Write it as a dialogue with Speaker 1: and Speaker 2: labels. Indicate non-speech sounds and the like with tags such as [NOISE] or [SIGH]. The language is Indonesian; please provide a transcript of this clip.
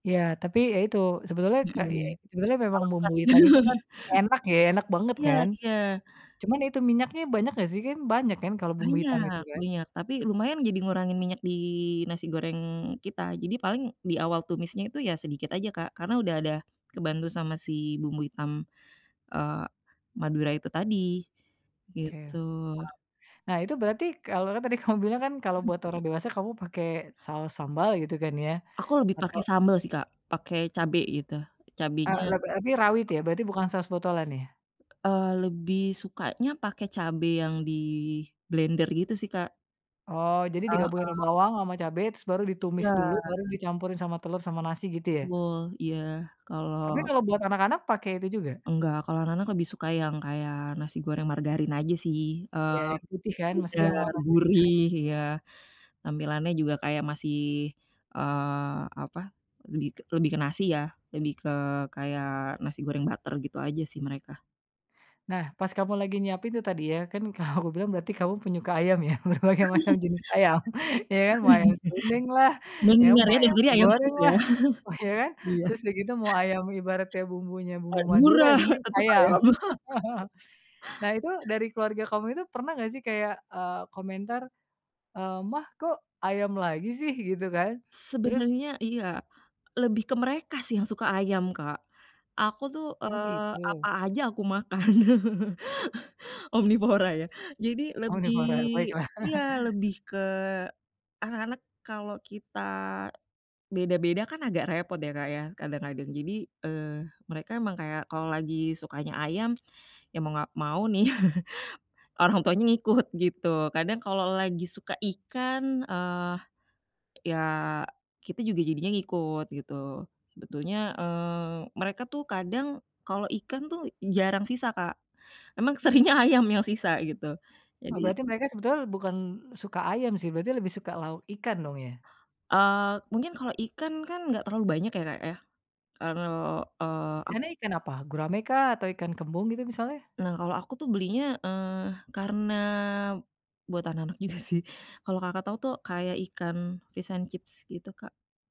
Speaker 1: Ya. Tapi, ya, itu, sebetulnya kakyek
Speaker 2: Mhm.
Speaker 1: sebenarnya memang
Speaker 2: Kalau suka,
Speaker 1: bumbu
Speaker 2: sih.
Speaker 1: hitam itu, kan,
Speaker 2: [LAUGHS]
Speaker 1: enak, ya, enak banget,
Speaker 2: Iya
Speaker 1: kan?
Speaker 2: iya.
Speaker 1: Cuman itu minyaknya banyak, nggak, sih? Kan, banyak, kan, kalau bumbu hitam itu
Speaker 2: Banyak,
Speaker 1: kan?
Speaker 2: minyak, tapi lumayan jadi ngurangin minyak di nasi goreng kita. Jadi paling di awal tumisnya itu, ya, sedikit aja, Kak, karena udah ada kebantu sama si bumbu hitam, eee, Madura itu tadi,
Speaker 1: Oke, paham.
Speaker 2: gitu.
Speaker 1: Nah, itu berarti kalau kan, tadi kamu bilang, kan, kalau
Speaker 2: Mhm.
Speaker 1: buat orang dewasa, kamu pakai saus sambal, gitu, kan, ya,
Speaker 2: Aku lebih
Speaker 1: atau
Speaker 2: pakai sambel, sih, Kak, pakai cabe, gitu, cabenya
Speaker 1: Eee, leb api rawit, ya, berarti, bukan saus botolan, ya?
Speaker 2: Eee, lebih sukanya pakai cabe yang diblender, gitu, sih, Kak.
Speaker 1: Oh, jadi
Speaker 2: Heeh.
Speaker 1: digabungin ama bawang, ama cabe, terus baru ditumis
Speaker 2: Iya.
Speaker 1: dulu, baru dicampurin sama telur sama nasi, gitu, ya?
Speaker 2: Betul, iya.
Speaker 1: Tapi
Speaker 2: Kalau
Speaker 1: kalau buat anak-anak pakai itu juga?
Speaker 2: Enggak, kalau anak-anak lebih suka yang kayak nasi goreng margarin aja, sih. Eee,
Speaker 1: Iya, yang putih, kan? Maksudnya
Speaker 2: udah
Speaker 1: yang warna
Speaker 2: gurih
Speaker 1: [UNINTELLIGIBLE]
Speaker 2: iya, tampilannya juga kayak masih, eee, apa, lebih ke lebih ke nasi, ya, lebih ke kayak nasi goreng butter, gitu, aja, sih, mereka.
Speaker 1: Nah, pas kamu lagi nyiapin itu tadi, ya, kan, kamu bilang berarti kamu penyuka ayam, ya, berbagai macam jenis ayam. [CHUCKLES] Ya, kan, mau ayam serundeng, lah,
Speaker 2: [CHUCKLES]
Speaker 1: ya,
Speaker 2: Benar,
Speaker 1: mau
Speaker 2: ya, dari
Speaker 1: ayam
Speaker 2: tadi ayam terus,
Speaker 1: goreng,
Speaker 2: ya.
Speaker 1: lah, wah, iya,
Speaker 2: [CHUCKLES]
Speaker 1: kan?
Speaker 2: Iya.
Speaker 1: Terus udah gitu mau ayam ibaratnya bumbunya bumbu Madura,
Speaker 2: Madura,
Speaker 1: yang penting,
Speaker 2: tetap
Speaker 1: ayam.
Speaker 2: ayam. [CHUCKLES]
Speaker 1: [LAUGHS] Nah, itu dari keluarga kamu itu, pernah nggak, sih, kayak, eee, komentar, eee, "Ma, kok ayam lagi, sih?" Gitu, kan, terus
Speaker 2: Sebenernya, iya. Lebih ke mereka, sih, yang suka ayam, Kak. Aku, tuh,
Speaker 1: Oh,
Speaker 2: eee, apa
Speaker 1: gitu.
Speaker 2: aja aku makan. [LAUGHS] Omnivora, ya. Jadi lebih
Speaker 1: Omnivora, baiklah.
Speaker 2: iya,
Speaker 1: [CHUCKLES]
Speaker 2: lebih ke anak-anak kalau kita beda-beda, kan, agak repot, ya, Kak, ya, kadang-kadang. Jadi, eee, mereka emang kayak kalau lagi sukanya ayam, ya, mau nggak mau, nih, [CHUCKLES] orang tuanya ngikut, gitu. Kadang kalau lagi suka ikan, eee, ya, kita juga jadinya ngikut, gitu. Sebetulnya, eee, mereka, tuh, kadang kalau ikan, tuh, jarang sisa, Kak. Emang seringnya ayam yang sisa, gitu.
Speaker 1: Oh,
Speaker 2: Jadi
Speaker 1: berarti mereka sebetul bukan suka ayam, sih, berarti lebih suka lauk ikan, dong, ya?
Speaker 2: Eee, mungkin kalau ikan, kan, nggak terlalu banyak, ya, Kak, ya. Kalau, eee, ak
Speaker 1: Ikannya ikan apa? Gurame, kah, atau ikan kembung, gitu, misalnya?
Speaker 2: Nah, kalau aku, tuh, belinya, eee, karena buat anak-anak juga, sih, kalau Kakak tau, tuh, kayak ikan fish and chips, gitu, Kak.